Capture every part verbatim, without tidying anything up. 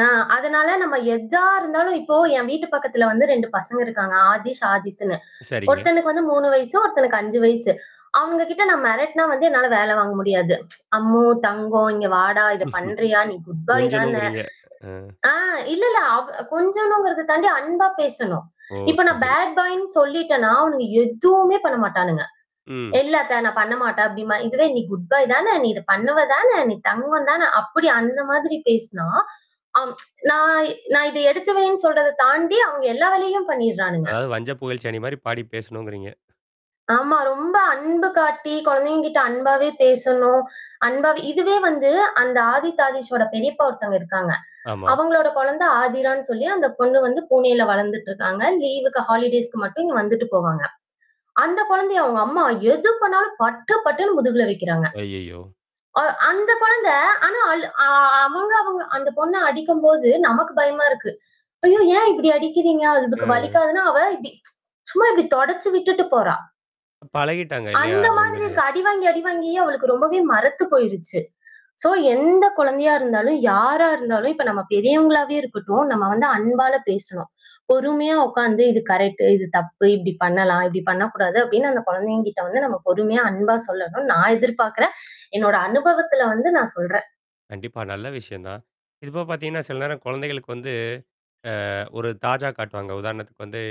ஆ அதனால நாம எதா இருந்தாலும் இப்போ என் வீட்டு பக்கத்தில வந்து ரெண்டு பசங்க இருக்காங்க. ஆதிஷ், ஆதித்னு. சரிங்க. ஒருத்தனுக்கு வந்து மூணு வயசு, ஒருத்தனுக்கு அஞ்சு வயசு. அவுங்ககிட்ட நான் மிரட்டினா வந்து என்னால வேலை வாங்க முடியாது. அம்மு, தங்கம், இங்க வாடா! இத பண்றியா? நீ குட் பாய் தானே கொஞ்சணும்ங்கிறீங்க. ஆ. ஆ இல்ல, இல்ல அவ கொஞ்சணுங்கிறத தாண்டி, அன்பா பேசணும். ஓ! இப்ப சரி, நான் சரி. பேட் பாய்னு சொல்லிட்டேன்னா, அவனுங்க எதுவுமே பண்ண மாட்டானுங்க. ம். இல்ல அத்தை, நான் பண்ணமாட்டேன் அப்டிம்பான், இதுவே "நீ குட் பாய் தானே! நீ இதை பண்ணுவா தானே! நீ தங்கம் தானே!" அப்படி அந்த மாதிரி பேசினா, அ நான் நான் இதை எடுத்து வைன்னு சொல்றத தாண்டி அவங்க எல்லா வேலையையும் பண்ணிருறானுங்க. அதாவது வஞ்சப்புகழ்ச்சி அணிமாரி பாடி பேசணும்ங்கிறீங்க. ஆமா. ரொம்ப அன்பு காட்டி குழந்தைகக்கிட்ட அன்பாவே பேசணும். அன்பாவே இதுவே வந்து அந்த ஆதித், ஆதீஷ்சோட பெரியப்பா ஒருத்தங்க இருக்காங்க'. ஆமா. அவுங்களோட குழந்தை ஆதிரானு சொல்லி அந்த பொண்ணு வந்து பூனேல வளர்ந்துட்டு இருக்காங்க. லீவ்க்கு ஹாலிடேஸ்க்கு மட்டும் இங்க வந்துவிட்டு போவாங்க. அந்த குழந்தையை அவுங்க அம்மா எது பண்ணாலும் பட்டு பட்டுன்னு முதுகில வைக்கிறாங்க. அய்யய்யோ! அ அந்த குழந்தை, ஆனா அழு அ அவங்க அவங்க அந்த பொண்ண அடிக்கும்போது நமக்கு பயமா இருக்கு. ஐயோ! ஏன் இப்பிடி அடிக்கிறீங்க? அதுக்கு அ. வலிக்காதானா? அவ இப்பிடி சும்மா இப்படி தொடச்சு விட்டுட்டு போறா. பழகிட்டாங்க இல்லயா! அந்த மாதிரி உண்மையிலே. இருக்கு. அடிவாங்கி, அடிவாங்கியே அவளுக்கு ரொம்பவே மறத்து போயிருச்சு. சோ எந்த குழந்தையா இருந்தாலும், யாரா இருந்தாலும், இப்போ நம்ம பெரியவங்களாவே இருக்கட்டும். நம்ம வந்து அன்பால பேசணும். பொறுமையா உட்கார்ந்து, இது கரெக்ட் இது தப்பு, இப்பிடி பண்ணலாம், இப்பிடி பண்ணக்கூடாது அப்பிடின்னு அந்த குழந்தைங்கக்கிட்ட வந்து நாம பொறுமையா அன்பா சொல்லணும்னு நான் எதிர்பார்க்கிறேன். என்னுடைய அனுபவத்தில வந்து நான் சொல்றேன். கண்டிப்பா. நல்ல விஷயம் தான். இதுபோக பாத்தீங்கன்னா, சில நேரம் குழந்தைகளுக்கு வந்து, அ ஒரு தாஜா காட்டுவாங்க. உதாரணத்துக்கு வந்து,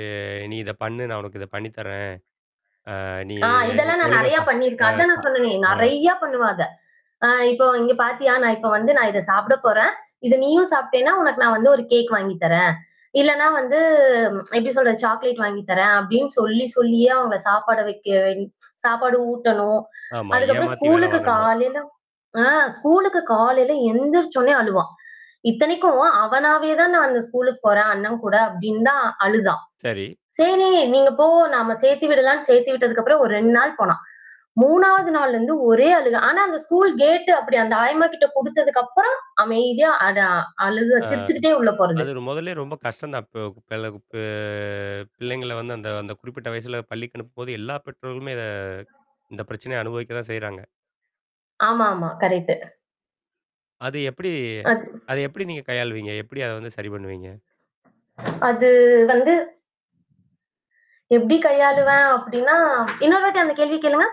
நீ இத பண்ணு நான், உனக்கு இத பண்ணி தர்றேன். ஆ நீ ஆ, இதெல்லாம் நான் ஒழுங்கா நெறையா சா ஆ, பண்ணிருக்கேன். அதான் சா நான் சொன்னேனே! ஆ. நெறையா பண்ணுவேன் அத. ஆ இப்போ இங்கே பார்த்தியா? நான் இப்போ வந்து நான் இதை சாப்பிடப் போறேன். இதை நீயும் சாப்பிட்டேன்னா உனக்கு நான் வந்து ஒரு கேக் வாங்கி தர்றேன். இல்லன்னா வந்து எப்பிடி சொல்றது? சாக்லேட் வாங்கி தர்றேன் அப்பிடின்னு சொல்லி சொல்லியே அவன சாப்பிட வைக்க சாப்பாடு ஊட்டணும். ஆமா, அதுக்கப்புறம் ஏமாத்தி வேல ஸ்கூல்க்கு வாங்கணும். காலையில ஆ ஸ்கூல்க்கு காலையில எழுந்திரிச்ச உடனே அழுவான். இத்தனைக்கும் அவனாவே தான் நான் அந்த ஸ்கூல்க்கு போறேன், அண்ணன் கூட அப்பிடின்தான் அழுதான்! சரி. சரி, நீங்க போ! நாம் சேர்த்து விடலான்னு சேர்த்தி விட்டதுக்கு அப்புறம் ஒரு ரெண்டு நாள் போனான். மூணாவது நாள்ல இருந்து ஒரே அழுக ஆனா அந்த ஸ்கூல் கேட் அப்பிடி அந்த ஆயம்மாக்கிட்ட குடுத்ததுக்கு அப்புறம் அமைதியா அடா அழுக ஆ, சிரித்துக்கிட்டே உள்ள போறது. அது முதல்லேயே ரொம்ப கஷ்டம் தான். இப்போ [unintelligible] பெ பிள்ளைங்கள வந்து அந்த அந்த குறிப்பிட்ட வயசில பள்ளிக்கு அனுப்பும்போது எல்லா பெற்றோர்களுமே இத, இந்த பிரச்சனைய அனுபவிக்க தான் செய்றாங்க. ஆமா, ஆமா கரெக்ட். அது எப்பிடி? அத் அத எப்பிடி நீங்க கையாளுவீங்க? எப்பிடி அதை வந்து சரி பண்ணுவீங்க? அது வந்து எப்பிடி கையாளுவேன் அப்பிடின்னா, இன்னொரு வாட்டி அந்த கேள்வி கேளுங்க?